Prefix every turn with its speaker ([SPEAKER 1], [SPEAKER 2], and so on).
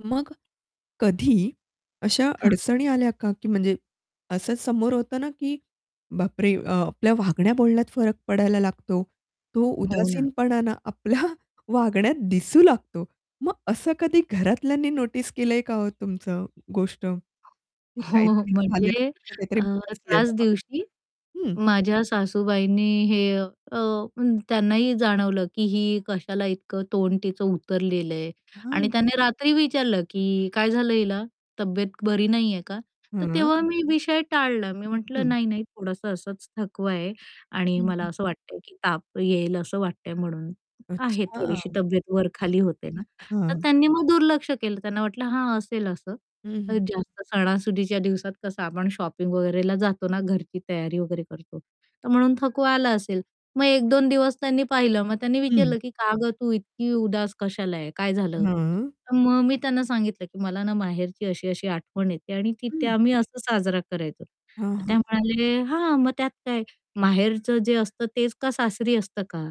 [SPEAKER 1] मग कधी अशा
[SPEAKER 2] हां.
[SPEAKER 1] अडचणी आल्या का, की म्हणजे असं समोर होतं ना, की बापरे अ, आपल्या वागण्या बोलण्यात फरक पडायला लागतो तो
[SPEAKER 2] हो ना.
[SPEAKER 1] उदासीनपणा ना, आपल्या वागण्यात दिसू लागतो. मग असं कधी घरातल्यांनी नोटीस केलंय का हो तुमचं गोष्ट की
[SPEAKER 2] हो
[SPEAKER 1] काहीतरी झाले आहे,
[SPEAKER 2] म्हणजे
[SPEAKER 1] हीचं काहीतरी
[SPEAKER 2] अ,
[SPEAKER 1] बिनसलंय
[SPEAKER 2] त्याच
[SPEAKER 1] बाबा?
[SPEAKER 2] दिवशी
[SPEAKER 1] हं.
[SPEAKER 2] माझ्या सासूबाईंनी हे अ, त्यांनाही जाणवलं की ही कशाला इतकं तोंड तिचं उतरलेलं आहे आणि
[SPEAKER 1] हां.
[SPEAKER 2] त्याने रात्री विचारलं की काय झालं हिला तब्येत बरी नाहीये का? तर
[SPEAKER 1] हं.
[SPEAKER 2] तेव्हा मी विषय टाळला मी म्हटलं,
[SPEAKER 1] हं.
[SPEAKER 2] "नाही-नाही थोडंसं असंच थकवा आहे." आणि
[SPEAKER 1] हं,
[SPEAKER 2] मला
[SPEAKER 1] हं,
[SPEAKER 2] असं
[SPEAKER 1] हं.
[SPEAKER 2] वाटतंय की ताप येईल असं वाटतंय म्हणून आहे
[SPEAKER 1] अच्छा.
[SPEAKER 2] थोडीशी तब्येत वर-खाली होते ना." तर
[SPEAKER 1] हां.
[SPEAKER 2] त्यांनी मग दुर्लक्ष केलं त्यांना वाटलं हां असेल असं
[SPEAKER 1] हं,
[SPEAKER 2] तर
[SPEAKER 1] हं.
[SPEAKER 2] जास्त सणासुदीच्या दिवसात कसं आपण शॉपिंग वगैरेला जातो ना, घरची तयारी वगैरे करतो, तर म्हणून थकवा आला असेल. मग 1-2 दिवस त्यांनी पाहिलं मग त्यांनी
[SPEAKER 1] हं.
[SPEAKER 2] विचारलं की "का गं तू इतकी उदास कशाला आहे, काय झालं?"
[SPEAKER 1] हां.
[SPEAKER 2] तर मग मी त्यांना सांगितलं की "मला ना माहेरची अशी-अशी आठवण येते आणि तिथे
[SPEAKER 1] हं.
[SPEAKER 2] आम्ही असं साजरा करायचो.
[SPEAKER 1] हां,
[SPEAKER 2] तर
[SPEAKER 1] हां,
[SPEAKER 2] ते
[SPEAKER 1] हां.
[SPEAKER 2] म्हणाले "हां मग त्यात काय माहेरचं जे असतं तेच का सासरी असतं का?"